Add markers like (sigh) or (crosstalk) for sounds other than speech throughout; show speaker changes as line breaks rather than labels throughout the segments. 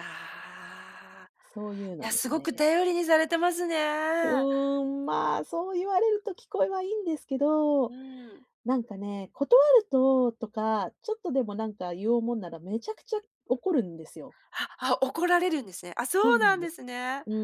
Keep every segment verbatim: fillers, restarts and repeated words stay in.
ああ、
そういう
い
の
や、
で
す
す
ごく
ね。
頼りにされてますね。
うん、まあ、そう言われると聞こえはいいんですけど、
うん。
なんかね、断ると、とか、ちょっとでもなんか言おうもんなら、めちゃくちゃ怒るんですよ。
あ、あ、怒られるんですね。あ、
そ
そう
うな
な
ん
ん
で
で
す。
すね。
う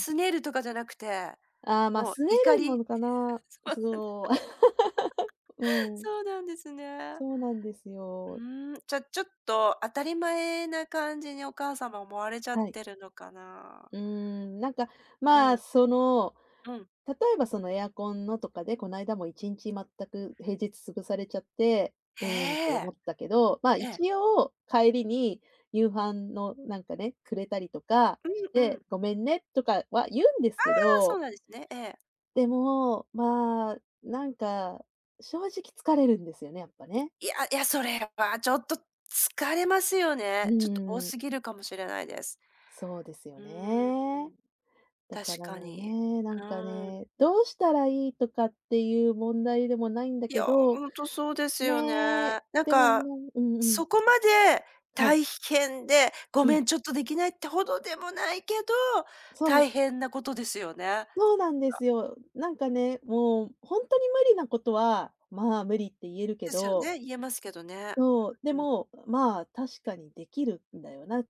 ん。
拗ねるとかじゃなくて、
ああ、まあ、
もう
拗ね
怒
るな
り。
のかな？
(laughs) そう
す
なんだ。
お (laughs)
(laughs)
うん。
そうなんですね。
そうなんですよ。
うん、じゃ、ちょっと当たり前な感じにお母様思われちゃっ
はい。
てるのかな。
うん、なんか、
あ
まあ、
あ。
その、
うん。
例えばそのエアコンのとかで、こないだもいちんち全く平日潰されちゃって、うん、と
え
思
え、
ったけど、まあ
え
一
え。
応、帰りに夕飯のなんかね、くれたりとかし
うん、う
て、
ん。
「ごめんね」とかは言うんです
あ
け
あ、そ
ど。
うなんですね、ええ。
でも、まあ、なんか、正直疲れるんですよね、やっぱ
い、
ね。
いやいや、それはちょっと疲れますよ
う
ね。ちょっと多
ん。
過ぎるかもしれないです。
そうですよ
うん、
ね。だ
確
から
かに。
ね、なん
う
か
ん。
ね、どうしたらいいとかっていう問題でもないんだ
い
け
や、
ど、
ほんとそうですよね。
ね。
なん
でもね
か、
うんうん。
そこまで
はい。
大変で、ご
うん。
めんちょっと出来ないって程でもないけど、
そう。
大変なことですよね。ん
そう
か。
なんですよ。なんかね、もうほんとに無理なことは、まあ無理って言えるけ
ですよ
ど
ね、言えますけどね。
そう、で
うん。
も、まあ確かに出来るんだよなっ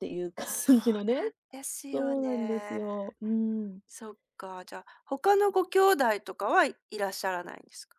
ていう
そ
感じの
う
ね
なんですねよ
そうなんです
ね。
よ。うん。
そっか、じゃあ、他のご兄弟とかはいらっしゃらないんですか？